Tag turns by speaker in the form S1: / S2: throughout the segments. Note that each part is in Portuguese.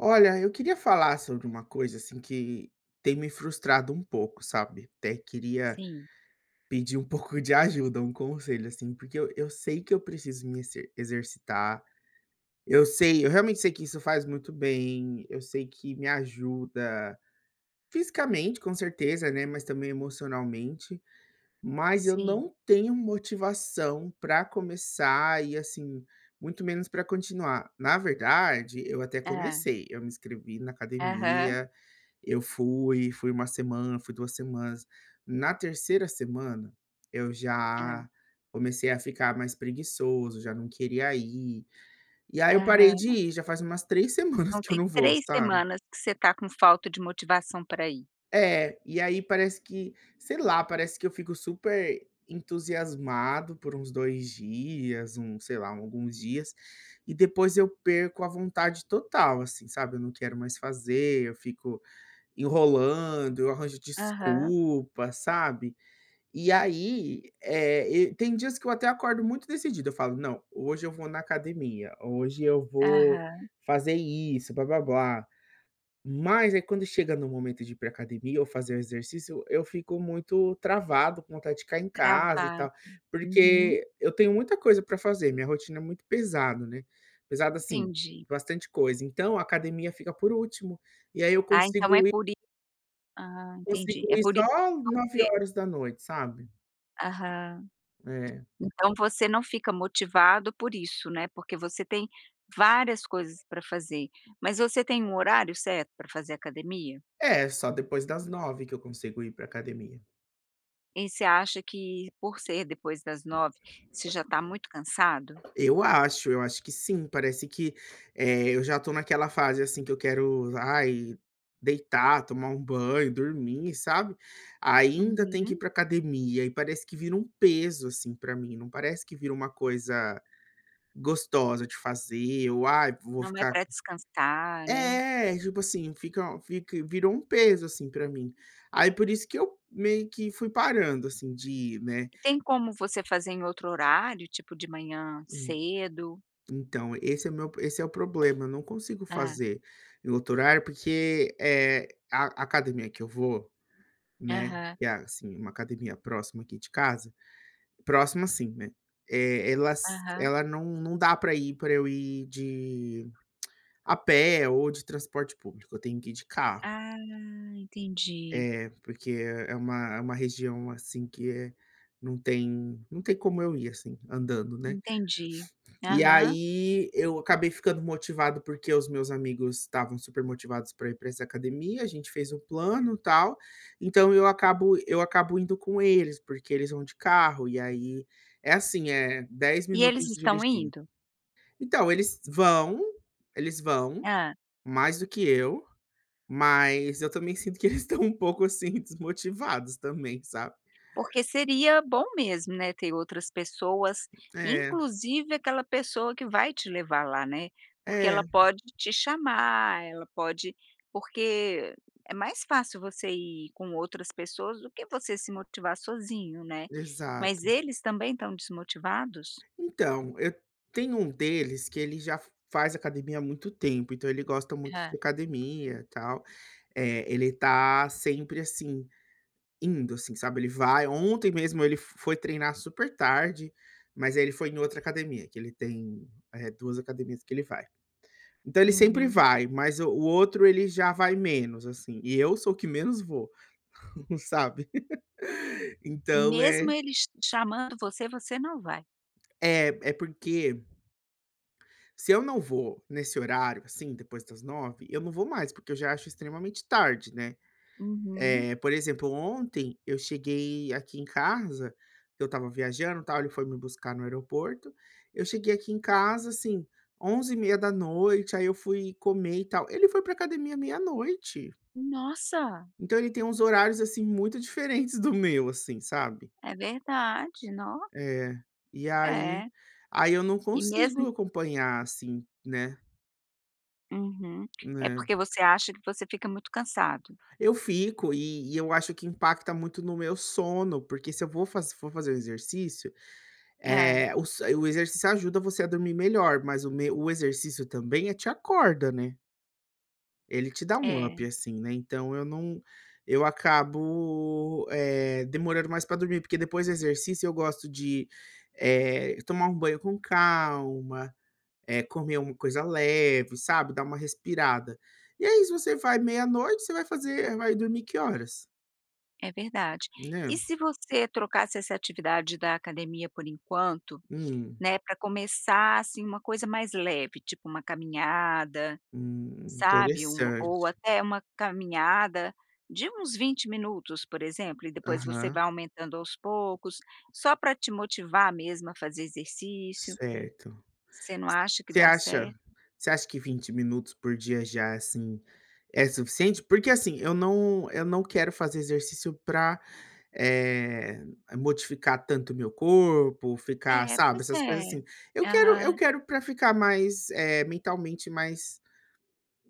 S1: Olha, eu queria falar sobre uma coisa, assim, que tem me frustrado um pouco, sabe? Até queria
S2: Sim.
S1: pedir um pouco de ajuda, um conselho, assim, porque eu eu sei que eu preciso me exer exercitar, eu sei, eu realmente sei que isso faz muito bem, eu sei que me ajuda fisicamente, com certeza, né, mas também emocionalmente, mas eu
S2: Sim.
S1: não tenho motivação pra começar e, assim, muito menos pra continuar. Na verdade, eu até
S2: Hã.
S1: comecei, eu me inscrevi na
S2: Aham.
S1: academia, eu fui, fui 1 semana, fui 2 semanas, na 3ª semana eu
S2: Hã.
S1: já comecei a ficar mais preguiçoso, já não queria ir, e aí eu parei de
S2: Aham.
S1: ir já faz umas 3 semanas
S2: Então
S1: que eu
S2: tem
S1: não vou,
S2: 3
S1: sabe?
S2: semanas que você tá com falta de motivação pra ir.
S1: É, e aí parece que sei lá, parece que eu fico super entusiasmado por uns 2 dias, hum, sei lá, alguns dias e depois eu perco a vontade total, assim, sabe, eu não quero mais fazer, eu fico enrolando, eu arranjo
S2: Aham.
S1: desculpa, sabe? E aí, eh, e tem dias que eu até acordo muito decidido, eu falo: "Não, hoje eu vou na academia, hoje eu vou
S2: Aham.
S1: fazer isso, blá-blá-blá". Mas aí quando chega no momento de ir pra academia ou fazer o exercício, eu eu fico muito travado, com vontade de ficar em casa e
S2: Travado.
S1: tal.
S2: Uhum.
S1: Porque eu tenho muita coisa pra fazer, minha rotina é muito pesada, né, pesada, assim,
S2: Entendi.
S1: bastante coisa, então a academia fica por último e aí eu
S2: Ah, então é
S1: consigo i
S2: por i Ah, entendi,
S1: consigo
S2: é
S1: ir
S2: por isso
S1: só
S2: que
S1: nove
S2: você
S1: horas da noite, sabe?
S2: Aham.
S1: É.
S2: Então você não fica motivado por isso, né, porque você tem várias coisas pra fazer, mas você tem um horário certo pra fazer academia?
S1: É, só depois das 21h que eu consigo ir pra academia.
S2: Em você acha que, por ser depois das 21h, você já tá muito cansado?
S1: Eu acho, eu acho que sim, parece que, eh, eu já tô naquela fase assim que eu quero, ai, deitar, tomar um banho, dormir, sabe. Ainda tem que ir
S2: Uhum.
S1: pra academia, e parece que vira um peso, assim, pra mim, não parece que vira uma coisa gostosa de fazer ou ai vou
S2: Não é
S1: ficar
S2: pra descansar, né?
S1: Eh, e, tipo assim, fica um fic virou um peso assim pra mim, aí por isso que eu meio que fui parando, assim, de ir, né.
S2: Tem como você fazer em outro horário, tipo de manhã
S1: Hum.
S2: cedo?
S1: Então esse é o meu esse é o problema, eu não consigo
S2: Hã.
S1: fazer em outro horário, porque, eh, a a academia que eu vou, né,
S2: Aham.
S1: que, assim, uma academia próxima aqui de casa, próxima, assim, né, eh, ela s
S2: Aham.
S1: ela não não dá pra ir pra eu ir de a pé ou de transporte público. Eu tenho que ir de carro.
S2: Ah, entendi.
S1: Eh, porque é é uma é uma região assim que é não tem não tem como eu ir, assim, andando, né.
S2: Entendi.
S1: E
S2: Aham.
S1: aí eu acabei ficando motivado, porque os meus amigos estavam supermotivados pra ir pra essa academia, a gente fez o plano, tal. Então eu acabo eu acabo indo com eles, porque eles vão de carro e aí é assim, eh, 10
S2: E eles
S1: minutos
S2: estão
S1: dirigindo.
S2: indo?
S1: Então, eles vão eles vão,
S2: Hã.
S1: mais do que eu, mas eu também sinto que eles estão um pouco assim desmotivados também sabe?
S2: Porque seria bom mesmo, né, ter outras pessoas,
S1: É.
S2: inclusive aquela pessoa que vai te levar lá, né, porque
S1: É.
S2: ela pode te chamar, ela pode porque é mais fácil você ir com outras pessoas do que você se motivar sozinho, né, mas
S1: Exato.
S2: eles também estão desmotivados?
S1: Então, e tem um deles que ele já f faz academia há muito tempo, então ele gosta muito de
S2: Hã.
S1: academia e tal. Eh, ele tá sempre, assim, indo, assim, sabe. Ele vai Ontem mesmo ele f foi treinar supertarde, mas ele foi em outra academia, que ele tem, eh, 2 academias que ele vai. Então, ele sempre
S2: Uhum.
S1: vai. Mas o o outro, ele já vai menos, assim, e eu sou o que menos vou, sabe.
S2: E
S1: Então,
S2: mesmo
S1: é
S2: eles ch chamando você, você não vai?
S1: É, é porque se eu não vou nesse horário assim depois das 21h, eu não vou mais, porque eu já acho extremamente tarde, né?
S2: Uhum.
S1: Eh, por exemplo, ontem eu cheguei aqui em casa, que eu estava viajando e tal, ele foi me buscar no aeroporto, eu cheguei aqui em casa assim 23:30h, aí eu fui comer e tal, ele foi pra academia meia-noite.
S2: Nossa!
S1: Então ele tem uns horários, assim, muito diferentes do meu assim, sabe?
S2: É verdade, nó.
S1: É, e aí
S2: É.
S1: aí eu não
S2: E mesmo
S1: consigo acompanhar assim, né?
S2: Uhum. É porque
S1: É.
S2: você acha que você fica muito cansado?
S1: Eu fico, e e eu acho que impacta muito no meu sono, porque se eu vou faze se for fazer o exercício,
S2: Hã.
S1: eh, o s o exercício ajuda você a dormir melhor, mas o meu o exercício também é te acorda, né? Ele te dá um up
S2: É.
S1: assim, né. Então, eu não eu acabo, eh, demorando mais para dormir, porque depois do exercício eu gosto de, eh, tomar um banho com calma, eh, comer uma coisa leve, sabe? Dar uma respirada. E aí se você vai meia-noite você vai fazer vai dormir que horas?
S2: É verdade. E
S1: Né.
S2: se você trocasse essa atividade da academia por enquanto,
S1: Hum.
S2: né, para começar assim uma coisa mais leve, tipo uma caminhada,
S1: Hum,
S2: sabe? Um
S1: interessante.
S2: ou até uma caminhada de uns 20 minutos por exemplo e depois você
S1: Aham.
S2: vai aumentando aos poucos, só para te motivar mesmo a fazer exercício.
S1: Certo.
S2: Você não acha que
S1: Você
S2: dá
S1: acha,
S2: certo?
S1: você acha que 20 minutos por dia já é assim, é suficiente? Porque assim eu não eu não quero fazer exercício para, eh, modificar tanto o meu corpo, ficar
S2: É,
S1: sabe,
S2: pois
S1: essas coisas
S2: é.
S1: assim. Eu quero eu
S2: Aham.
S1: quero pra ficar mais, eh, mentalmente mais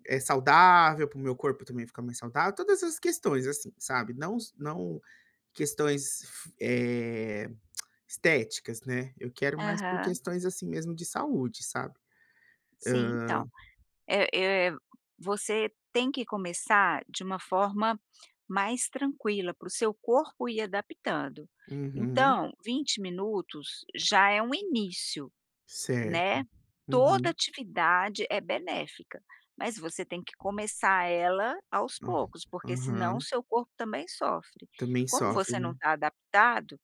S1: eh, saudável, para o meu corpo também ficar mais saudável, todas essas questões assim, sabe? Não s não questões f eh, estéticas, né. Eu quero mais por
S2: Aham.
S1: questões assim mesmo de saúde sabe?
S2: Sim, então.
S1: Hã.
S2: É é você tem que começar de uma forma mais tranquila, para o seu corpo ir adaptando.
S1: Uhum.
S2: Então, 20 minutos já é um início,
S1: Certo,
S2: né, toda
S1: uhum.
S2: atividade é benéfica, mas você tem que começar ela aos
S1: Hum,
S2: poucos porque senão o
S1: aham.
S2: seu corpo também sofre.
S1: Também
S2: Como
S1: sofre,
S2: você não
S1: né.
S2: está adaptado,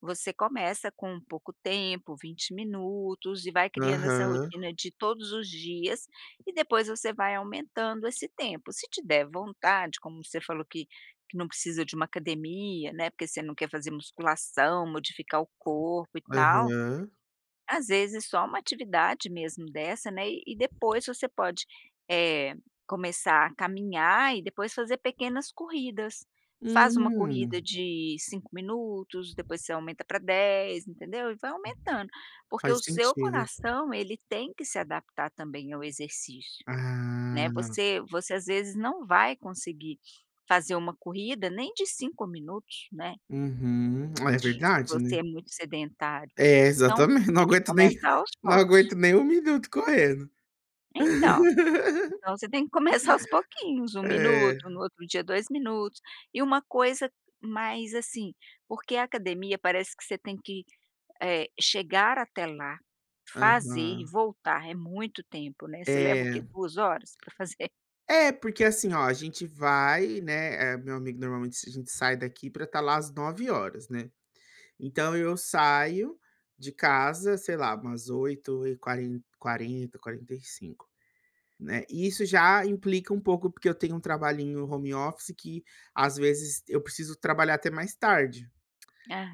S2: você começa com pouco tempo, 20 minutos e vai criando essa
S1: Aham.
S2: rotina de todos os dias e depois você vai aumentando esse tempo. Se te der vontade como você falou que que não precisa de uma academia, né, porque você não quer fazer musculação modificar o corpo e tal.
S1: Aham.
S2: Às vezes, é só uma atividade mesmo dessa, né, e depois você pode, eh, começar a caminhar e depois fazer pequenas corridas. Faz uma
S1: Hum.
S2: corrida de 5 minutos depois você aumenta pra 10 entendeu? E vai aumentando porque
S1: Faz
S2: o seu
S1: sentido.
S2: coração ele tem que se adaptar também ao exercício, né.
S1: Ah.
S2: Você você às vezes não vai conseguir fazer uma corrida nem de 5 minutos, né.
S1: Uhum, é
S2: [unintelligible] Se
S1: verdade,
S2: você
S1: né.
S2: é muito sedentário,
S1: É,
S2: então
S1: exatamente,
S2: você
S1: não
S2: tem que
S1: aguento nem
S2: começar aos
S1: não aguento
S2: poucos.
S1: nem 1 minuto correndo.
S2: Então, então você tem que começar aos pouquinhos, 1
S1: É.
S2: minuto, no outro dia 2 minutos e uma coisa mais, assim. Porque a academia parece que você tem que, eh, chegar até lá, fazer e
S1: Aham.
S2: voltar é muito tempo, né, Você leva o quê,
S1: É.
S2: 2 horas pra fazer?
S1: É, porque assim oh a gente vai, né. Eh, meu amigo normalmente s a gente sai daqui para estar lá às 21:00hs, né. Então eu saio de casa, sei lá, umas oito e quare quarenta, quarenta e cinco, né. E isso já implica um pouco, porque eu tenho um trabalhinho home office que às vezes eu preciso trabalhar até mais tarde.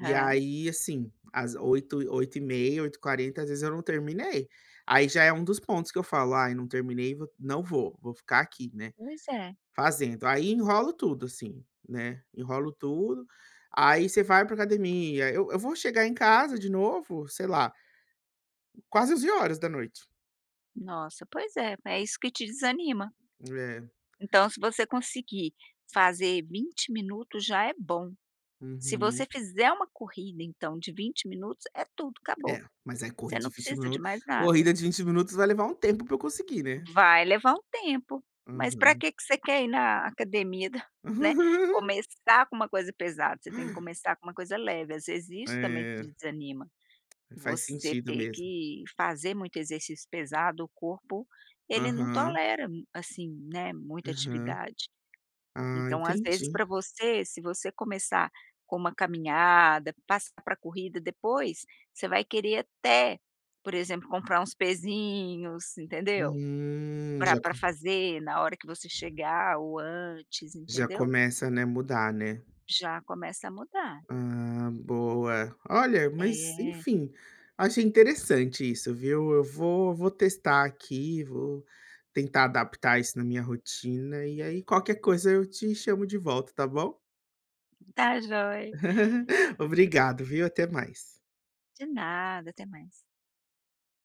S1: E aí assim, às 20:00, 20:30, 20:40 às vezes eu não terminei. Aí já é um dos pontos que eu falo: "Ai não terminei vou não vou, vou ficar aqui né,
S2: Pois é.
S1: fazendo". Aí enrolo tudo assim, né. Enrolo tudo, aí você vai pra academia, eu eu vou chegar em casa de novo, sei lá quase 23:00h.
S2: Nossa, pois é. É isso que te desanima.
S1: É.
S2: Então se você conseguir fazer 20 minutos já é bom. Se você
S1: Uhum.
S2: fizer uma corrida então de 20 minutos, é tudo
S1: É,
S2: acabou.
S1: mas aí
S2: Você
S1: corrida de
S2: não
S1: 20
S2: precisa
S1: minu
S2: de mais nada.
S1: corrida de 20 minutos vai levar um tempo pra eu conseguir, né?
S2: Vai levar um tempo, mas pra
S1: Aham.
S2: que que você quer ir na academia, né, começar com uma coisa pesada? Você tem que começar com uma coisa leve. Às vezes isso também
S1: É.
S2: te desanima,
S1: Faz
S2: você
S1: sentido
S2: ter
S1: mesmo.
S2: que fazer muito exercício pesado o corpo ele não
S1: Aham.
S2: tolera m assim, né, muita
S1: Aham.
S2: atividade.
S1: Ah,
S2: Então às vezes
S1: entendi.
S2: pra você, se você começar com uma caminhada, passar pra corrida depois, você vai querer até, por exemplo, comprar uns pesinhos, entendeu,
S1: Hum.
S2: pra
S1: Já
S2: pra
S1: co
S2: fazer na hora que você chegar ou antes,
S1: Já
S2: entendeu?
S1: começa, né, mudar, né?
S2: Já começa a mudar.
S1: Ah, boa. Olha, mas,
S2: É.
S1: enfim, achei interessante isso, viu. Eu vou vou testar aqui, vou tentar adaptar isso na minha rotina, e aí qualquer coisa eu te chamo de volta tá bom?
S2: Tá jóia.
S1: Obrigado, viu, até mais.
S2: De nada, até mais.